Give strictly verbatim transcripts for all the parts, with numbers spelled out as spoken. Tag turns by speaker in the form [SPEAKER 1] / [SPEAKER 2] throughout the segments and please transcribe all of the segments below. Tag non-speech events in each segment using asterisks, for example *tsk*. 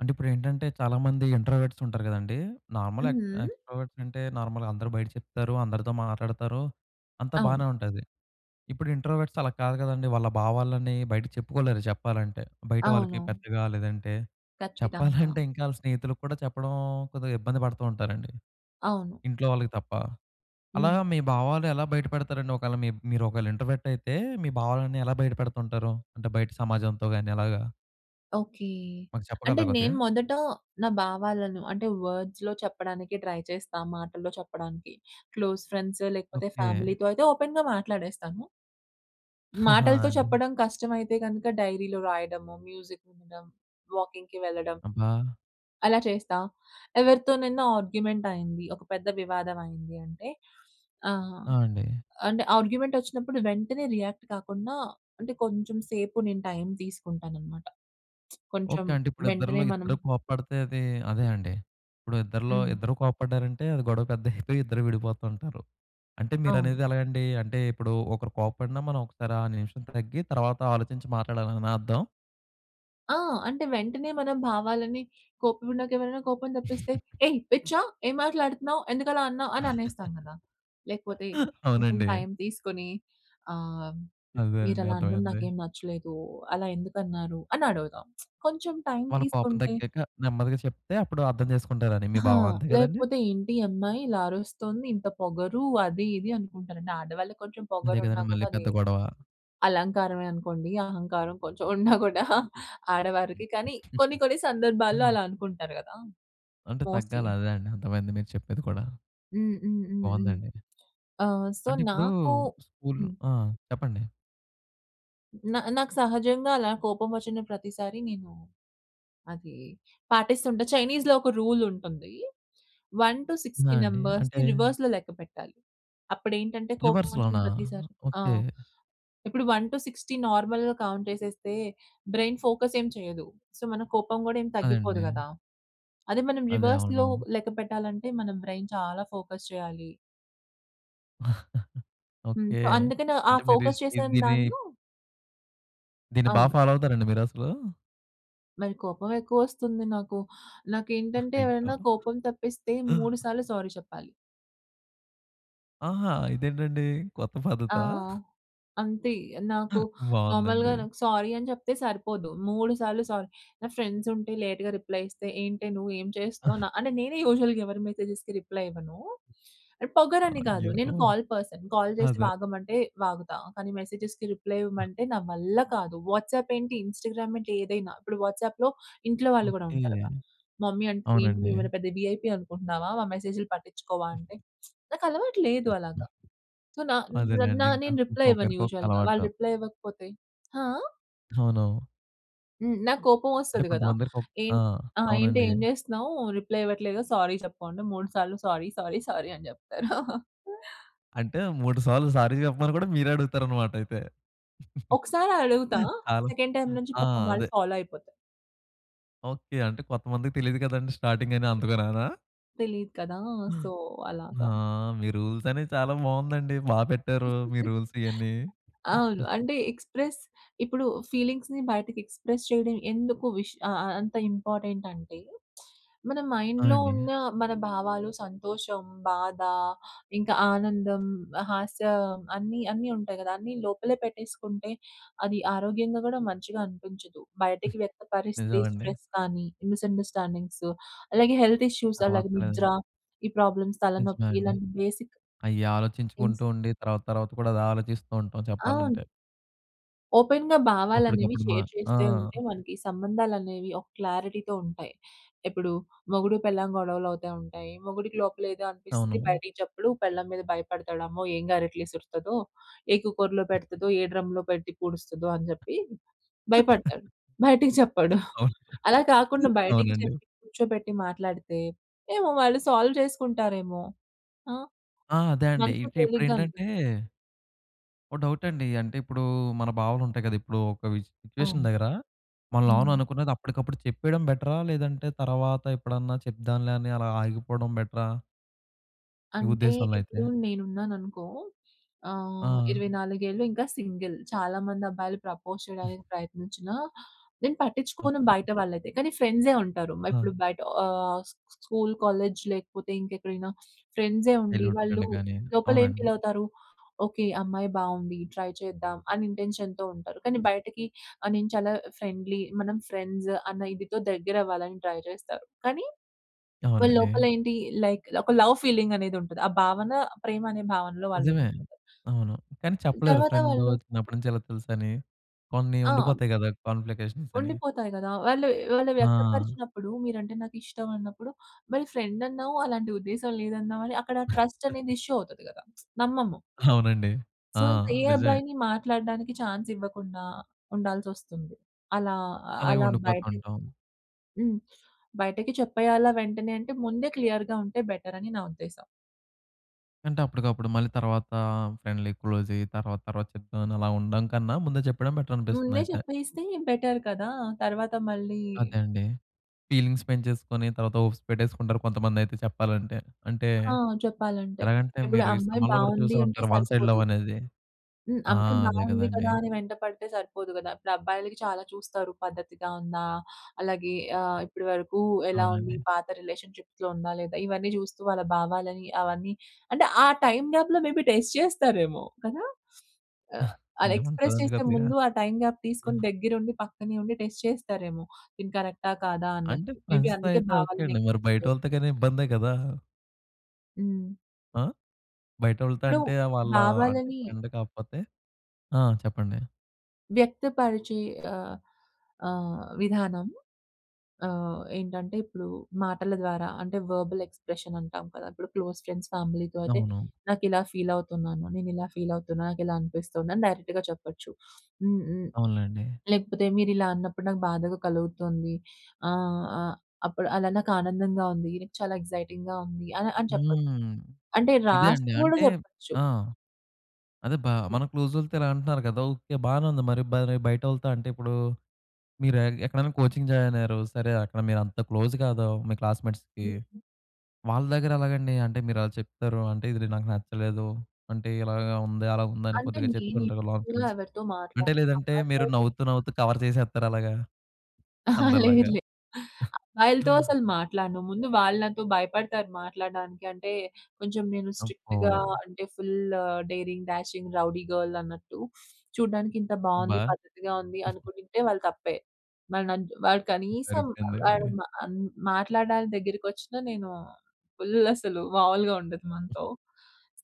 [SPEAKER 1] అంటే ఇప్పుడు ఏంటంటే చాలామంది ఇంట్రోవర్ట్స్ ఉంటారు కదండీ! నార్మల్ ఎక్
[SPEAKER 2] హ్మ్.
[SPEAKER 1] ఎక్స్ట్రోవర్ట్స్ అంటే నార్మల్‌గా అందరూ బయట చెప్తారు. అందరితో మాట్లాడతారు. అంతా
[SPEAKER 2] అవును.
[SPEAKER 1] బానే ఉంటాది. ఇప్పుడు ఇంట్రోవర్ట్స్ అలా కాదు కదండీ! వాళ్ళ భావాలన్నీ బయటకి చెప్పుకోలేరు, చెప్పాలంటే. బయట వాళ్ళకి
[SPEAKER 2] అవును.
[SPEAKER 1] పెద్దగా లేదంటే,
[SPEAKER 2] ఖచ్చితంగా.
[SPEAKER 1] చెప్పాలంటే ఇంకా *chuckles* వాళ్ళ స్నేహితులకి కూడా చెప్పడం కొద్దిగ ఇబ్బంది పడుతూ ఉంటారండి.
[SPEAKER 2] అవును.
[SPEAKER 1] ఇంట్లో వాళ్ళకి తప్ప. అలా
[SPEAKER 2] హ్మ్.
[SPEAKER 1] మీ భావాలు ఎలా బయటపెడతారండి ఒకవేళ మి మీరు ఒకవేళ ఇంట్రోవర్ట్ అయితే మీ భావాలన్నీ ఎలా బయటపెడుతుంటారు? అంటే బయట సమాజంతో గాని అలాగా?
[SPEAKER 2] ఓకె.
[SPEAKER 1] మాకు
[SPEAKER 2] అంటే
[SPEAKER 1] చెప్పగలరా
[SPEAKER 2] నేను
[SPEAKER 1] కొద్దిగా?
[SPEAKER 2] మొదట నా భావాలను అంటే వర్డ్స్‌లో చెప్పడానికి ట్రై చేస్తా మాటల్లో చెప్పడానికి. క్లోజ్ ఫ్రెండ్స్ లేకపోతే
[SPEAKER 1] ఓకె.
[SPEAKER 2] ఫ్యామిలీతో అయితే ఓపెన్‌గా మాట్లాడేస్తాను.
[SPEAKER 1] *giggles* ఆా!
[SPEAKER 2] మాటలతో
[SPEAKER 1] అండి.
[SPEAKER 2] చెప్పడం కష్టమైతే గనక డైరీలో రాయడము మ్యూజిక్ వినడం, వాకింగ్‌కి వెళ్ళడం
[SPEAKER 1] అబ్బా!
[SPEAKER 2] అలా చేస్తా. ఎవరితోనైనా ఆర్గ్యుమెంట్ అయింది, ఒక పెద్ద వివాదం అయింది అంటే ఆహ్,
[SPEAKER 1] ఆ! అండి.
[SPEAKER 2] అంటే ఆర్గ్యుమెంట్ వచ్చినప్పుడు వెంటనే రియాక్ట్ కాకుండా, అంటే కొంచెం సేపు నేను టైం తీసుకుంటాను అన్నమాట. *smacks lips* కొంచెం
[SPEAKER 1] ఓకె అంటే, ఇప్పుడు
[SPEAKER 2] వెంటనే
[SPEAKER 1] ఇద్దరిలో
[SPEAKER 2] మనం
[SPEAKER 1] ఇద్దరు కోప్పడితే అది, అదే అండి. ఇప్పుడు ఇద్దరిలో,
[SPEAKER 2] హ్మ్.
[SPEAKER 1] ఇద్దరు కోపడ్డారంటే అది గొడవ పెద్దగా *chuckles* అయిపోయి ఇద్దరు విడిపోతుంటారు. అంటే
[SPEAKER 2] అవును.
[SPEAKER 1] మీరనేది ఎలాగండి అంటే, ఇప్పుడు ఒకరు కోప్పడిన మనం ఒకసారి ఆ నిమిషం తగ్గి, తరువాత ఆలోచించి మాట్లాడాలనా అర్థం?
[SPEAKER 2] ఆ! అంటే వెంటనే మనం భావాలని, కోపం ఉన్నాక ఎవరైనా కోపం తప్పిస్తే,
[SPEAKER 1] *chuckles*
[SPEAKER 2] ఏయ్ పిచ్చా! ఏం మాట్లాడుతున్నావ్. ఎందుకు అలా అన్నావ్? అని అనేస్తాం కదా! లేకపోతే
[SPEAKER 1] *laughs*
[SPEAKER 2] కొంచెం
[SPEAKER 1] అవునండి.
[SPEAKER 2] టైమ్ తీసుకొని ఆహ్, మీరు
[SPEAKER 1] అదేనండి
[SPEAKER 2] అలా అనడం
[SPEAKER 1] అర్థమైంది.
[SPEAKER 2] నాకేమి నచ్చలేదు, అలా ఎందుకన్నారు, అని అడుగుదాం. *smacks lips* కొంచెం టైమ్
[SPEAKER 1] వాళ్ళకి కోపం
[SPEAKER 2] తీసుకుంటే
[SPEAKER 1] తగ్గాక నెమ్మదిగా చెప్తే, అప్పుడు అర్థం చేసుకుంటారని మీ
[SPEAKER 2] హా!
[SPEAKER 1] బావం, అంతే కదండీ!
[SPEAKER 2] లేకపోతే ఏంటి ఈ అమ్మాయి, ఇలా అరుస్తుంది. ఇంత పొగరు అది ఇది అనుకుంటారండి. ఆడవాళ్ళకి కొంచెం
[SPEAKER 1] అదే
[SPEAKER 2] పొగరున్నా
[SPEAKER 1] కదండీ! మళ్ళీ
[SPEAKER 2] కూడా అది
[SPEAKER 1] పెద్ద గొడవ.
[SPEAKER 2] అలంకారమే అనుకోండి. అహంకారం కొంచెం ఉన్నా కూడా *chuckles* ఆడవారికి, కానీ కొన్ని, కొన్ని సందర్భాల్లో
[SPEAKER 1] *chuckles*
[SPEAKER 2] అలా అనుకుంటారు కదా!
[SPEAKER 1] అంటే
[SPEAKER 2] మోస్ట్‌లీ.
[SPEAKER 1] తగ్గాలి అదే అండి. అర్థమైంది మీరు చెప్పేది కూడా.
[SPEAKER 2] హ్మ్. హ్మ్. హ్మ్. హ్మ్.
[SPEAKER 1] బావుందండి.
[SPEAKER 2] ఆహ్, సో,
[SPEAKER 1] అంటే ఇప్పుడు,
[SPEAKER 2] నాకు
[SPEAKER 1] స్కూల్
[SPEAKER 2] హ్మ్.
[SPEAKER 1] ఆహ్, చెప్పండి.
[SPEAKER 2] న నాకు సహజంగా అలా కోపం వచ్చిన ప్రతిసారి నేను అది పాటిస్తుంటా. చైనీస్‌లో ఒక రూల్ ఉంటుంది. వన్ టూ
[SPEAKER 1] ఆ!
[SPEAKER 2] సిక్స్టీ
[SPEAKER 1] అండీ.
[SPEAKER 2] నంబర్స్‌ని
[SPEAKER 1] అంటే
[SPEAKER 2] రివర్స్‌లో లెక్కపెట్టాలి. అప్పుడేంటంటే కోపం వచ్చిన
[SPEAKER 1] రివర్స్‌లోనా,
[SPEAKER 2] ప్రతిసారి
[SPEAKER 1] ఓకే.
[SPEAKER 2] ఆహ్, ఇప్పుడు వన్ టూ సిక్స్టీ నార్మల్‌గా కౌంట్ చేసేస్తే, బ్రైన్ ఫోకస్ ఏమి చేయదు. సో, మన కోపం కూడా ఏం తగ్గిపోదు
[SPEAKER 1] అదండీ.
[SPEAKER 2] కదా! అదే మనం
[SPEAKER 1] అదే
[SPEAKER 2] రివర్స్‌లో
[SPEAKER 1] అవును.
[SPEAKER 2] లెక్కపెట్టాలంటే మన బ్రైన్ చాలా ఫోకస్ చేయాలి.
[SPEAKER 1] *chuckles*
[SPEAKER 2] హ్మ్.
[SPEAKER 1] ఓకే.
[SPEAKER 2] అందుకనే ఆ
[SPEAKER 1] అంటే మీరు ఇష్
[SPEAKER 2] ఫోకస్
[SPEAKER 1] ఈ
[SPEAKER 2] చేసే
[SPEAKER 1] దీన్ని
[SPEAKER 2] నన్ను
[SPEAKER 1] దీన్ని బా
[SPEAKER 2] అవును.
[SPEAKER 1] ఫాలో అవుతారండి మీరసలు?
[SPEAKER 2] మరి కోపం ఎక్కువ వస్తుంది నాకు.
[SPEAKER 1] *giggles*
[SPEAKER 2] నాకేంటంటే,
[SPEAKER 1] అయ్యో!
[SPEAKER 2] ఎవరైనా కోపం తేప్పిస్తే మూడు సార్లు సారీ చెప్పాలి.
[SPEAKER 1] ఆహా! ఇదేంటండి కొత్త
[SPEAKER 2] ఆ!
[SPEAKER 1] పద్ధతా? *chuckles*
[SPEAKER 2] అంతే. నాకు
[SPEAKER 1] *chuckles*
[SPEAKER 2] నార్మల్‌గా
[SPEAKER 1] బావుందండి.
[SPEAKER 2] నాకు సారీ అని చెప్తే సరిపోదు. మూడు సార్లు సారీ నా ఫ్రెండ్స్ ఉంటే, లేట్‌గా రిప్లై ఇస్తే, ఏంటే నువ్వు ఏం చేస్తున్నావు? న
[SPEAKER 1] *chuckles*
[SPEAKER 2] అంటే నేనే యూజువల్‌గా ఎవరి మెసేజెస్‌కి రిప్లై ఇవ్వను. అని పొగరని కాదు.
[SPEAKER 1] అయ్యో!
[SPEAKER 2] నేను కాల్ పర్సన్. కాల్ చేసి
[SPEAKER 1] అదే.
[SPEAKER 2] వాగమంటే, వాగుతా. కానీ, మెసేజెస్‌కి రిప్లై ఇవ్వమంటే నా వల్ల కాదు. వాట్సాప్ ఏంటి, ఇన్‌స్టాగ్రామ్ ఏంటి, ఏదైనా. ఇప్పుడు వాట్సాప్‌లో ఇంట్లో వాళ్ళు కూడా
[SPEAKER 1] ఓకే.
[SPEAKER 2] ఉంటారుగా, మమ్మీ అంటది, "ఏంటి
[SPEAKER 1] అవునండి.
[SPEAKER 2] నువ్వేమైనా పెద్ద విఐపి అనుకుంటున్నావా? మా మెసేజ్‌‌లు పట్టించుకోవా" అంటే *smacks lips* నాకలవాటు లేదు అలాగ. సో, నా నా
[SPEAKER 1] అదేలెండి ఇంక.
[SPEAKER 2] నేను రిప్లై ఇవ్వను
[SPEAKER 1] ఒకొక్కరికి ఒక
[SPEAKER 2] యూజువల్‌గా. వాళ్ళు
[SPEAKER 1] అలవాటు.
[SPEAKER 2] రిప్లై ఇవ్వకపోతే హా!
[SPEAKER 1] అవును.
[SPEAKER 2] హ్మ్. నాకు కోపం
[SPEAKER 1] అంటే
[SPEAKER 2] వస్తది గదా!
[SPEAKER 1] కొంతమందిరికి ఒక్
[SPEAKER 2] ఏం
[SPEAKER 1] ఆ!
[SPEAKER 2] ఆ! ఏంటే
[SPEAKER 1] అవునండీ.
[SPEAKER 2] ఏం చేస్తున్నావు? రిప్లై ఇవ్వట్లేదు. సారీ చెప్పు అంటే, మూడు సార్లు, "సారీ, సారీ, సారీ" అని చెప్తారు. *chuckles*
[SPEAKER 1] అంటే మూడు సార్లు సారీ చెప్పమని కూడా మీరే అడుగుతారనమాట అయితే.
[SPEAKER 2] ఒకసారి అడుగుతా.
[SPEAKER 1] *chuckles* ఆళ్ళు
[SPEAKER 2] సెకండ్ టైమ్ నుంచి
[SPEAKER 1] ఆ!
[SPEAKER 2] పాపం వాళ్ళు
[SPEAKER 1] అదే.
[SPEAKER 2] ఫాలో అయిపోతారు.
[SPEAKER 1] ఓకే. అంటే కొంతమందికి తెలియదు కదండీ స్టార్టింగ్ అని అందుకనానా?
[SPEAKER 2] తెలీదు కదా! సో,
[SPEAKER 1] హా!
[SPEAKER 2] అలాగా.
[SPEAKER 1] మీ రూల్స్ అన్ని చాలా బావుందండి బాగా పెట్టారు. మీ
[SPEAKER 2] *chuckles*
[SPEAKER 1] రూల్స్ ఇయన్నీ.
[SPEAKER 2] అవును
[SPEAKER 1] *chuckles*
[SPEAKER 2] అంటే ఎక్స్‌ప్రెస్ ఇప్పుడు ఫీలింగ్స్‌ని బయటకి ఎక్స్‌ప్రెస్ చేయడం ఎందుకు విష్ అ అ అంత ఇంపార్టెంట్ అంటే, మన మైండ్‌లో
[SPEAKER 1] అవునండి.
[SPEAKER 2] ఉన్న మన భావాలు, సంతోషం, బాధ, ఇంకా ఆనందం, హాస్యం అన్ని, అన్ని ఉంటాయి కదా! అన్ని లోపల పెట్టేసుకుంటే అది ఆరోగ్యంగా కూడా మంచిగా అనిపించదు. బయటకి
[SPEAKER 1] *giggles*
[SPEAKER 2] వ్యక్త పరిస్థితే
[SPEAKER 1] నిజమండి.
[SPEAKER 2] స్ట్రెస్ కానీ, మిస్‌అండర్‌స్టాండింగ్స్, అలాగే హెల్త్ ఇష్యూస్,
[SPEAKER 1] తర్వాత
[SPEAKER 2] అలాగే నిద్ర
[SPEAKER 1] *unintelligible*
[SPEAKER 2] ఈ ప్రాబ్లమ్స్
[SPEAKER 1] నిజమే
[SPEAKER 2] తలనొప్పి
[SPEAKER 1] అండి.
[SPEAKER 2] ఇలాంటి బేసిక్
[SPEAKER 1] అయి
[SPEAKER 2] ఇన్స్
[SPEAKER 1] ఆలోచించుకుంటూ ఉండి తర్వాత, తర్వాత కూడా అదాలోచిస్తూ ఉంటాం
[SPEAKER 2] అవును.
[SPEAKER 1] చెప్పాలంటే.
[SPEAKER 2] ఓపెన్‌గా భావాలు అనేవి
[SPEAKER 1] అప్పటికప్పుడు మా
[SPEAKER 2] షేర్
[SPEAKER 1] ఆ!
[SPEAKER 2] చేస్తే ఉంటే మనకు సంబంధాలు అనేవి ఒక క్లారిటీ‌తో ఉంటాయి. ఇప్పుడు మొగుడు పెళ్ళాం గొడవలు అవుతా ఉంటాయి. మొగుడికి లోపల ఏదో అనిపిస్తది
[SPEAKER 1] అవును.
[SPEAKER 2] బయటకి చెప్పడు, పెళ్ళాం మీద భయపడతాడు. అమ్మో! ఏం గరెట్లు ఇసురుతదో! ఏ కుక్కర్‌లో పెడతాదో! ఏ డ్రమ్‌లో పెట్టి పూడుస్తదో! అని చెప్పి
[SPEAKER 1] *chuckles*
[SPEAKER 2] భయపడతాడు. బయటికి చెప్పడు.
[SPEAKER 1] *chuckles*
[SPEAKER 2] *chuckles*
[SPEAKER 1] అవును.
[SPEAKER 2] అలా కాకుండా బయటకి
[SPEAKER 1] అవునండి.
[SPEAKER 2] చెప్పి కూర్చోబెట్టి మాట్లాడితే, ఏమో వాళ్ళు సాల్వ్ చేసుకుంటారేమో? ఆ!
[SPEAKER 1] ఆ! అదే అండి.
[SPEAKER 2] మనుసు
[SPEAKER 1] ఇటు
[SPEAKER 2] తేలికగా
[SPEAKER 1] ఇప్పుడేంటంటే
[SPEAKER 2] అనిపిస్తది.
[SPEAKER 1] ఒక డౌట్ అండి అంటే ఇప్పుడు మన భావాలు ఉంటాయి కదా! ఇప్పుడు ఒక విశ్ సిట్యుయేషన్
[SPEAKER 2] అవును.
[SPEAKER 1] దగ్గర మన లోన
[SPEAKER 2] హ్మ్.
[SPEAKER 1] అనుకున్నది అప్పటికప్పుడు చెప్పేయడం బెటరా? లేదంటే తర్వాత ఎప్పుడన్నా చెప్దాంలే అని అలా ఆగిపోవడం బెటరా? మీ
[SPEAKER 2] అంటే,
[SPEAKER 1] ఉద్దేశంలో అయితే?
[SPEAKER 2] ఇప్పుడూ నేనున్నాననుకో ఆహ్,
[SPEAKER 1] ఆ!
[SPEAKER 2] ఇరవై నాలుగేళ్ళు ఇంకా సింగిల్. చాలా మంది అబ్బాయిలు ప్రపోజ్
[SPEAKER 1] *giggles*
[SPEAKER 2] చేయడానికి ప్రయత్నించినా, నేను పట్టిచ్చుకోను
[SPEAKER 1] అబ్బో!
[SPEAKER 2] బయట వాళ్ళైతే, కానీ ఫ్రెండ్సే ఉంటారు. మై
[SPEAKER 1] ఆ!
[SPEAKER 2] ఇప్పుడు బయట ఆహ్, స్‌ స్కూల్, కాలేజ్ లేకపోతే ఇంకెక్కడైనా, *sniffs* ఫ్రెండ్సే ఉండి,
[SPEAKER 1] చైల్డ్‌హుడ్
[SPEAKER 2] వాళ్ళు
[SPEAKER 1] ఫ్రెండ్ గానీ!
[SPEAKER 2] లోపలేం
[SPEAKER 1] అవునండి.
[SPEAKER 2] ఫీలవుతారు, "ఓకే, అమ్మాయి బావుంది, ట్రై చేద్దాం." అని ఇంటెన్షన్‌తో ఉంటారు. కానీ బయటకి ఆహ్, నేను చాలా ఫ్రెండ్‌లి, మనం ఫ్రెండ్స్ అన్న ఇదితో దెగ్గరవ్వాలని ట్రై జేస్తారు. *swallows* కానీ వాళ్ళు
[SPEAKER 1] అవునండి.
[SPEAKER 2] లోపలేంటి, లైక్ ఒక లవ్ ఫీలింగనేది ఉంటది. ఆ భావన ప్రేమనే భావనలో వాళ్ళు ఉం
[SPEAKER 1] నిజమే! అవును. కానీ చెప్పలేరు
[SPEAKER 2] తరువాత
[SPEAKER 1] ఫ్రెండు,
[SPEAKER 2] వాళ్ళు.
[SPEAKER 1] చిన్నప్పటి నుంచి ఇలా తెలుసని. కొన్ని
[SPEAKER 2] ఆ!
[SPEAKER 1] ఉండిపోతాయి గదా! కాంన్‌ఫ్లికేషన్సని.
[SPEAKER 2] ఉండిపోతాయి గదా! వాళ్ళుయ్ వాళ్ళు
[SPEAKER 1] ఆ!
[SPEAKER 2] వ్యక్తపరిచినప్పుడు మీరంటే నాకిష్టం అన్నప్పుడు, మరి ఫ్రెండన్నావు, అలాంటి ఉద్దేశం లేదన్నావని అక్కడ ట్రస్టనేది
[SPEAKER 1] *chuckles*
[SPEAKER 2] ఇష్యూ అవుతది గదా! *tsk* నమ్మము...
[SPEAKER 1] అవునండి.
[SPEAKER 2] సో,
[SPEAKER 1] ఆ!
[SPEAKER 2] ఇంకా ఏ
[SPEAKER 1] నిజమే.
[SPEAKER 2] అబ్బాయిని మాట్లాడడానికి చాన్సివ్వకుండా, ఉండాల్సొస్తుంది. అలా,
[SPEAKER 1] అలగే
[SPEAKER 2] అలా బయట‌క్
[SPEAKER 1] ఉండిపోతుంటాం.
[SPEAKER 2] హ్మ్. బయటకి చెప్పేయాలా వెంటనే అంటే, ముందే క్లియర్‌గా ఉంటే బెటరని నా ఉద్దేశం.
[SPEAKER 1] అంటే, అప్పటికప్పుడు, మళ్ళీ తరువాత ఫ్రెండ్లీ‌ క్లోజ్ అయ్యి తరువాత, తరువాత చెప్దాం అని అలా ఉండడం కన్నా. ముందే చెప్పడం బెటర్ అనిపిస్తుంది
[SPEAKER 2] ముందే
[SPEAKER 1] అయితే.
[SPEAKER 2] చెప్పేస్తే బెటర్ కదా! తరువాత మళ్ళీ
[SPEAKER 1] అదే అండి. ఫీలింగ్స్ పెంచేసుకొని, తర్వాత హోప్స్ పెట్టేసుకుంటారు, కొంతమంది అయితే చెప్పాలంటే. అంటే
[SPEAKER 2] ఆ! చెప్పాలంటే.
[SPEAKER 1] ఎలాగంటే,
[SPEAKER 2] ఇప్పుడు
[SPEAKER 1] మీరు ఈ
[SPEAKER 2] అమ్మాయి
[SPEAKER 1] సినిమాల్లో కూడా
[SPEAKER 2] బాగుంది,
[SPEAKER 1] చూసే
[SPEAKER 2] అంటే
[SPEAKER 1] ఉంటారు, వన్ సైడ్
[SPEAKER 2] సరిపోదు.
[SPEAKER 1] లవ్ అనేది.
[SPEAKER 2] హ్మ్,
[SPEAKER 1] ఆ!
[SPEAKER 2] అమ్మాయి
[SPEAKER 1] అదే
[SPEAKER 2] బాగుంది
[SPEAKER 1] కదండీ!
[SPEAKER 2] కదా! అని వెంట పడితే సరిపోదు కదా! ఇప్పుడు అబ్బాయిలకి చాలా చూస్తారు. పద్ధతిగా ఉందా? అలాగే ఆహ్, ఇప్పటి వరకు ఎలా ఉంది?
[SPEAKER 1] అవునండి.
[SPEAKER 2] పాత రిలేషన్షిప్స్‌లో ఉందా? లేదా? ఇవన్నీ చూస్తూ వాళ్ళ భావాలని అవన్నీ అంటే, ఆ టైమ్ గ్యాప్‌లో మే బి టెస్ట్ చేస్తారేమో కదా! *sniffs* ఆహ్,
[SPEAKER 1] *chuckles*
[SPEAKER 2] అది
[SPEAKER 1] ఉండే
[SPEAKER 2] ఎక్స్‌ప్రెస్
[SPEAKER 1] ఉంటాదండి
[SPEAKER 2] చేసే
[SPEAKER 1] కొద్దిగా.
[SPEAKER 2] ముందు, ఆ టైమ్ గ్యాప్ తీసుకొని దగ్గర ఉండి, పక్కనే ఉండి, టెస్ట్ చేస్తారేమో. ఇది కరెక్టా? కాదా? అన్నట్టు.
[SPEAKER 1] అంటే
[SPEAKER 2] మే బి
[SPEAKER 1] ఫ్రెండ్స్‌తో
[SPEAKER 2] అందుకే
[SPEAKER 1] అయితే, ఓకే
[SPEAKER 2] భావాలను
[SPEAKER 1] అండి. మరి
[SPEAKER 2] ఎక్స్‌ప్రెస్ చే
[SPEAKER 1] బయటోళ్ళతో గాని ఇబ్బందే కదా!
[SPEAKER 2] హ్మ్.
[SPEAKER 1] ఆహ్, బయటోళ్ళతో
[SPEAKER 2] ఇప్పుడు
[SPEAKER 1] అంటే ఆహ్, వాళ్ళ అంటే
[SPEAKER 2] భావాలని
[SPEAKER 1] ఫ్రెండ్ కాకపోతే. ఆ! చెప్పండి.
[SPEAKER 2] వ్యక్తపరిచే ఆహ్, ఆహ్, విధానం ఆహ్, ఏంటంటే ఇప్పుడు మాటల ద్వారా అంటే, వెర్బల్ ఎక్స్ప్రెషన్ అంటాం కదా! ఇప్పుడు క్లోజ్ ఫ్రెండ్స్ ఫ్యామిలీ‌తో అయితే,
[SPEAKER 1] అవును.
[SPEAKER 2] నాకు ఇలా ఫీల్ అవుతున్నాను. నేను ఇలా ఫీల్ అవుతున్నాను. నాకు ఇలా అనిపిస్తుంది, అని డైరెక్ట్‌గా చెప్పొచ్చు. *sniffs* హ్మ్, హ్మ్.
[SPEAKER 1] అవునులెండి.
[SPEAKER 2] లేకపోతే మీరు ఇలా అన్నప్పుడు నాకు బాధగా కలుగుతుంది. ఆహ్, ఆహ్, అప్పుడు అలా నాకు ఆనందంగా ఉంది. చాలా ఎక్సైటింగ్‌గా ఉంది అని, అని చెప్పొచ్చు.
[SPEAKER 1] హ్మ్.
[SPEAKER 2] అంటే
[SPEAKER 1] ఇదే అండి.
[SPEAKER 2] రాస్తూ కూడా
[SPEAKER 1] అంటే,
[SPEAKER 2] చెప్పొచ్చు.
[SPEAKER 1] ఆ! అదే బా మన క్లోజోళ్ళతో ఇలా అంటున్నారు కదా! ఓకే, బానే ఉంది మరి బానే బయటోళ్ళతో అంటే, ఇప్పుడు మీరు ఎ ఎక్కడైనా కోచింగ్ జాయిన్ అయ్యారు. సరే! అక్కడ మీరు అంత క్లోజ్ కాదు, మీ క్లాస్‌మేట్స్‌కి.
[SPEAKER 2] హ్మ్.
[SPEAKER 1] వాళ్ళ దగ్గర ఎలాగండి? అంటే మీరు అలా చెప్తారు. అంటే ఇది నాకు నచ్చలేదు. అంటే ఇలాగా ఉంది. అలా ఉంది. అని
[SPEAKER 2] అంటే
[SPEAKER 1] కొద్దిగా
[SPEAKER 2] నేను
[SPEAKER 1] చెప్తుంటారు.
[SPEAKER 2] ఎక్కువగా
[SPEAKER 1] *unintelligible*
[SPEAKER 2] ఎవరితో
[SPEAKER 1] అంటే,
[SPEAKER 2] మాట్లాడను.
[SPEAKER 1] లేదంటే
[SPEAKER 2] అమ్మాయిలతో
[SPEAKER 1] మీరు
[SPEAKER 2] అయితే
[SPEAKER 1] నవ్వుతూ, నవ్వుతూ కవర్ చేసేత్తారా అలాగా?
[SPEAKER 2] అహా,
[SPEAKER 1] అందరిలాగా?
[SPEAKER 2] లేదులే అబ్బాయిలతో అసలు
[SPEAKER 1] *chuckles*
[SPEAKER 2] మాట్లాడను. ముందు వాళ్ళు నాతో భయపడతారు మాట్లాడడానికి. అంటే కొంచెం నేను
[SPEAKER 1] అబ్బో!
[SPEAKER 2] స్ట్రిక్ట్‌గా అంటే, full daring, dashing, rowdy girl అన్నట్టు. *sniffs* చూడడానికి ఇంత బావుంది,
[SPEAKER 1] అబ్బా!
[SPEAKER 2] పద్ధతిగా ఉంది,
[SPEAKER 1] *chuckles*
[SPEAKER 2] అనుకుంటుంటే, వాళ్ళ తప్పే. వాడు నన్ను వాడు
[SPEAKER 1] *chuckles*
[SPEAKER 2] కనీసం వాడు
[SPEAKER 1] సరిపోయిందండి.
[SPEAKER 2] మ అం మాట్లాడడానికి దగ్గరకి వచ్చిన, నేను ఫుల్ అసలు మామూలుగా ఉండదు మనతో.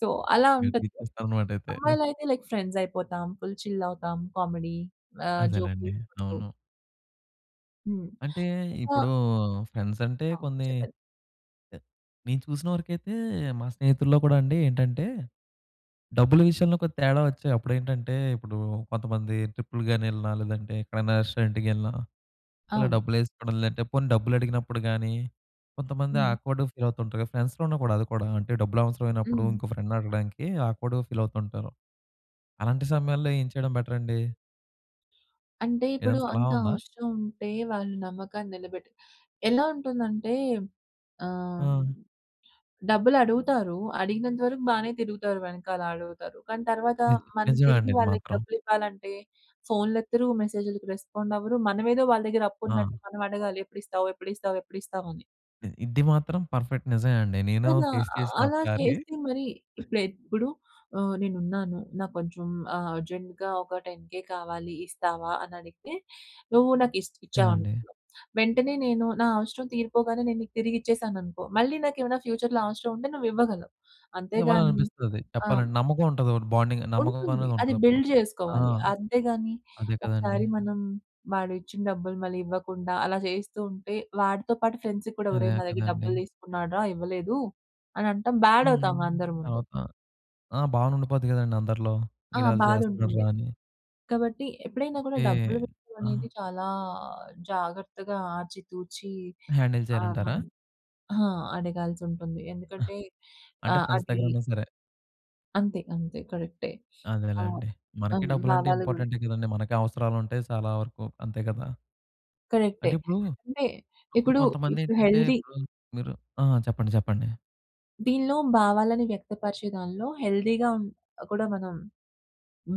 [SPEAKER 2] సో, అలా
[SPEAKER 1] రిటర్న్
[SPEAKER 2] ఉంటది.
[SPEAKER 1] ఇచ్చేస్తారన్నమాట అయితే.
[SPEAKER 2] అమ్మాయిలయితే లైక్ ఫ్రెండ్స్ అయిపోతాం. ఫుల్ చిల్ అవుతాం. కామెడీ ఆహ్, జోక్‌లు
[SPEAKER 1] అదేలెండి.
[SPEAKER 2] వేసకుంటు
[SPEAKER 1] అవును.
[SPEAKER 2] హ్మ్.
[SPEAKER 1] అంటే,
[SPEAKER 2] ఒకా
[SPEAKER 1] ఇప్పుడూ ఫ్రెండ్స్ అంటే
[SPEAKER 2] ఆ!
[SPEAKER 1] కొన్ని
[SPEAKER 2] చెప్పండి.
[SPEAKER 1] నేను చూసిన వరకైతే, మా స్నేహితుల్లో కూడా అండి ఏంటంటే, డబ్బుల విషయంలో ఒక తేడా వచ్చే అప్పుడు ఏంటంటే, ఇప్పుడూ కొంతమంది ట్రిప్‌లు గాని, ఎళ్ళినా లేదంటే ఎక్కడైనా రెస్టారెంట్‌కి ఎళ్ళినా. ఇలా
[SPEAKER 2] అవును.
[SPEAKER 1] డబ్బులు ఏసుకోవడం లేదంటే పోనీ డబ్బులు అడిగినప్పుడు గాని, కొంతమంది
[SPEAKER 2] హుహు.
[SPEAKER 1] ఆక్వర్డ్‌గా ఫీల్ అవుతూ ఉంటారు కదా! ఫ్రెండ్స్‌లో ఉన్న గూడా అది కూడా, అంటే డబ్బులు అవసరమైనప్పుడు
[SPEAKER 2] హ్మ్.
[SPEAKER 1] ఇంకో ఫ్రెండ్‌ని అడగడానికి ఆక్వర్డ్‌గా ఫీల్ అవుతూ ఉంటారు. అలాంటి సమయాల్లో ఏం చేయడం బెటర్ అండి?
[SPEAKER 2] అంటే ఇప్పుడు
[SPEAKER 1] ఏదైనా సలహా
[SPEAKER 2] అంత
[SPEAKER 1] ఉందా?
[SPEAKER 2] అవసరం ఉంటే వాళ్ళు నమ్మకాన్ని నిలబెట్టాలి. ఎలా ఉంటుందంటే ఆహ్,
[SPEAKER 1] ఆ!
[SPEAKER 2] డబ్బులు అడుగుతారు. అడిగినంత వరకు బానే తిరుగుతారు. వెనకాల అడుగుతారు. కానీ తర్వాత
[SPEAKER 1] ని
[SPEAKER 2] మనం
[SPEAKER 1] నిజమే
[SPEAKER 2] తిరిగి
[SPEAKER 1] అండి ఇది
[SPEAKER 2] వాళ్ళకి
[SPEAKER 1] మాత్రం.
[SPEAKER 2] డబ్బులు ఇవ్వాలంటే, ఫోన్‌లు ఎత్తరు. మెసేజులకి రెస్పాండ్ అవ్వరు. మనమేదో వాళ్ళ దగ్గర అప్పు
[SPEAKER 1] ఆ!
[SPEAKER 2] ఉన్నట్టు మనం అడగాలి. ఎప్పుడు ఇస్తావు? ఎప్పుడు ఇస్తావు? ఎప్పుడు ఇస్తావు? అని.
[SPEAKER 1] ఇ ఇది మాత్రం పర్ఫెక్ట్. నిజమే అండి. నేను
[SPEAKER 2] కదా!
[SPEAKER 1] ఫేస్
[SPEAKER 2] అ
[SPEAKER 1] చేసాను
[SPEAKER 2] అలా
[SPEAKER 1] ఒకసారి.
[SPEAKER 2] చేస్తే మరి ఇప్పుడైతే ఇప్పుడు ఆహ్, నేను ఉన్నాను. నాకు కొంచెం ఆహ్, అర్జెంట్‌గా ఒక టెన్‌‌ కె కావాలి ఇస్తావా అని అడిగితే? నువ్వు నాకు ఇస్త్
[SPEAKER 1] ఆ!
[SPEAKER 2] ఇచ్చావు
[SPEAKER 1] అండి.
[SPEAKER 2] అనుకున్నాం. వెంటనే నేను, నా అవసరం తీరిపోగానే నేను నీకు తిరిగి ఇచ్చేశాను అనుకో మళ్ళీ నాకు ఏమైనా ఫ్యూచర్‌లో అవసరం ఉంటే నువ్వు ఇవ్వగలవు. అంతే గాని
[SPEAKER 1] ఇవ్వాలనిపిస్తది.
[SPEAKER 2] ఆ!
[SPEAKER 1] చెప్పాలంటే నమ్మకం ఉంటది. ఒకటి బాండింగ్ నమ్మకం
[SPEAKER 2] ఉంటుంది.
[SPEAKER 1] అనేది
[SPEAKER 2] అది
[SPEAKER 1] ఉంటది అప్పుడు.
[SPEAKER 2] బిల్డ్
[SPEAKER 1] ఆ!
[SPEAKER 2] జేసుకోవాలి. అంతేగాని
[SPEAKER 1] అదే కదండి.
[SPEAKER 2] ఒకసారి మనం వాడు ఇచ్చిన డబ్బులు మళ్ళి ఇవ్వకుండా, అలా జేస్తూ ఉంటే, వాడితో పాటు ఫ్రెండ్స్ కూడా "ఒరేయ్!
[SPEAKER 1] అదే
[SPEAKER 2] నా దగ్గర
[SPEAKER 1] కదండీ!
[SPEAKER 2] డబ్బులు తీసుకున్నాడు‌రా ఇవ్వలేదు." అని అనటం బ్యాడ్
[SPEAKER 1] హుహు
[SPEAKER 2] అవుతాము అందరి ముందు.
[SPEAKER 1] తర్వాత ఆ! బానే ఉండిపోద్ది కదండీ! అందరిలో.
[SPEAKER 2] ఆ!
[SPEAKER 1] వీడు అలా
[SPEAKER 2] బాధ ఉంటుంది.
[SPEAKER 1] జేస్తున్నాడురా! అని.
[SPEAKER 2] కాబట్టి ఎప్పుడైనా
[SPEAKER 1] *chuckles*
[SPEAKER 2] కూడా
[SPEAKER 1] ఓకే.
[SPEAKER 2] డబ్బులు విషయం అనేది
[SPEAKER 1] ఆ!
[SPEAKER 2] చాలా జాగ్రత్తగా ఆచితూచి
[SPEAKER 1] మీరు హ్యాండిల్ చేయాలంటారా?
[SPEAKER 2] *unintelligible* ఆ! అడగాల్సి ఉంటుంది. ఎందుకంటే
[SPEAKER 1] అంటే
[SPEAKER 2] ఆహ్,
[SPEAKER 1] ఫ్రెండ్స్
[SPEAKER 2] అదీ
[SPEAKER 1] దగ్గరున్న సరే!
[SPEAKER 2] అంతే. అంతే. కరెక్టే. ఆహ్,
[SPEAKER 1] అదేలెండి.
[SPEAKER 2] అం
[SPEAKER 1] మనకి డబ్బులంటే
[SPEAKER 2] భావాలు గురించి.
[SPEAKER 1] ఇంపార్టెంటే కదండీ మనకి అవసరాలు ఉంటాయి. చాలా వరకు అంతే కదా!
[SPEAKER 2] కరెక్టే.
[SPEAKER 1] అంటే ఇప్పుడు
[SPEAKER 2] అంటే
[SPEAKER 1] ఇప్పుడు
[SPEAKER 2] ఇప్పుడు
[SPEAKER 1] కొంతమంది
[SPEAKER 2] ఇప్పుడు
[SPEAKER 1] ఏంటంటే
[SPEAKER 2] హెల్దీ
[SPEAKER 1] ఇప్పుడు మీరు ఆ! చెప్పండి. చెప్పండి.
[SPEAKER 2] దీనిలో భావాలను వ్యక్తపరిచే దానిలో హెల్దీగా కూడా మనం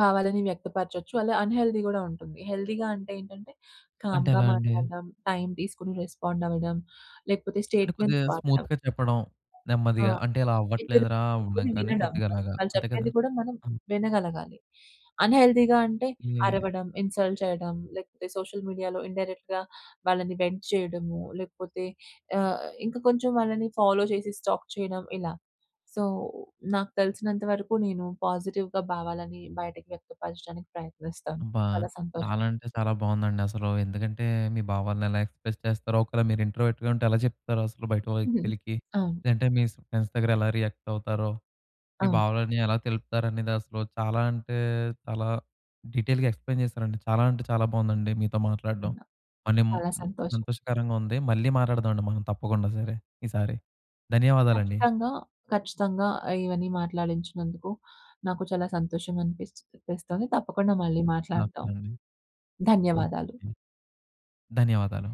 [SPEAKER 2] భావాలను వ్యక్తపరచవచ్చు. అలా అన్‌హెల్దీ కూడా ఉంటుంది. హెల్దీగా అంటే ఏంటంటే
[SPEAKER 1] అంటే
[SPEAKER 2] కామ్‌గా
[SPEAKER 1] ఎలా అండి?
[SPEAKER 2] మాట్లాడడం, టైమ్ తీసుకొని రెస్పాండ్ అవ్వడం లేకపోతే
[SPEAKER 1] అంటే
[SPEAKER 2] స్టేట్‌మెంట్
[SPEAKER 1] కొద్దిగా
[SPEAKER 2] వాడడం.
[SPEAKER 1] స్మూత్‌గా చెప్పడం
[SPEAKER 2] ఆ!
[SPEAKER 1] నెమ్మదిగా అంటే ఇలా
[SPEAKER 2] ఇద్దరు
[SPEAKER 1] అవ్వట్లేదురా
[SPEAKER 2] కూర్చుని
[SPEAKER 1] ఇంకని
[SPEAKER 2] వినడం.
[SPEAKER 1] కొద్దిగా అలాగా
[SPEAKER 2] వాళ్ళు
[SPEAKER 1] అంతే కదా!
[SPEAKER 2] చెప్పేది కూడా మనం
[SPEAKER 1] హ్మ్.
[SPEAKER 2] వినగలగాలి. అన్‌హెల్దీగా అంటే
[SPEAKER 1] హ్మ్.
[SPEAKER 2] అరవడం, ఇన్‌సల్ట్ చేయడం లేకపోతే సోషల్ మీడియాలో ఇన్‌డైరెక్ట్‌గా వాళ్ళని వెంట్ చేయడము. లేకపోతే ఆహ్, ఇంక కొంచెం వాళ్ళని ఫాలో చేసి స్టాక్ చేయడం ఇలా. సో నాకు తెలిసినంత వరకు నేను పాజిటివ్‌గా భావాలను బయటకి వ్యక్తపరచడానికి ప్రయత్నిస్తాను
[SPEAKER 1] అబ్బా!
[SPEAKER 2] చాలా సంతోషం.
[SPEAKER 1] చాలా అంటే చాలా బాగుందండి అసలు. ఎందుకంటే, మీ భావాల్ని ఎలా ఎక్స్‌ప్రెస్ చేస్తారో, ఒకేళ మీరు ఇంట్రోవర్ట్‌గా ఉంటే ఎలా చెప్తారో అసలు బయట
[SPEAKER 2] హ్మ్.
[SPEAKER 1] వ్యక్తులకి,
[SPEAKER 2] అవును.
[SPEAKER 1] లేదంటే మీస్ ఫ్రెండ్స్ దగ్గర ఎలా రియాక్ట్ అవుతారో మీ
[SPEAKER 2] అవును.
[SPEAKER 1] భావాలన్ని ఎలా తెలుపుతారనేది అసలు చాలా అంటే చాలా డీటెయిల్‌గా ఎక్స్‌ప్లెయిన్ చేసారండి. చాలా అంటే చాలా బావుందండి మీతో మాట్లాడడం.
[SPEAKER 2] హ్మ్.
[SPEAKER 1] మళ్ళీమ్
[SPEAKER 2] చాలా
[SPEAKER 1] మ్
[SPEAKER 2] సంతోషం.
[SPEAKER 1] సంతోషకరంగా ఉంది మళ్ళీ మాటాడదామండి మనం తప్పకుండా సరే ఈసారి. ధన్యవాదాలండి.
[SPEAKER 2] ఖచ్చితంగా. ఖచ్చితంగా. ఇవన్నీ మాట్లాడించినందుకు నాకు చాలా సంతోషంగా అనిపిస్తుంది. తప్పకుండా మళ్ళీ
[SPEAKER 1] నాకు
[SPEAKER 2] మాట్లాడదాం.
[SPEAKER 1] నాకు.
[SPEAKER 2] ధన్యవాదాలు.
[SPEAKER 1] ధన్యవాదాలు.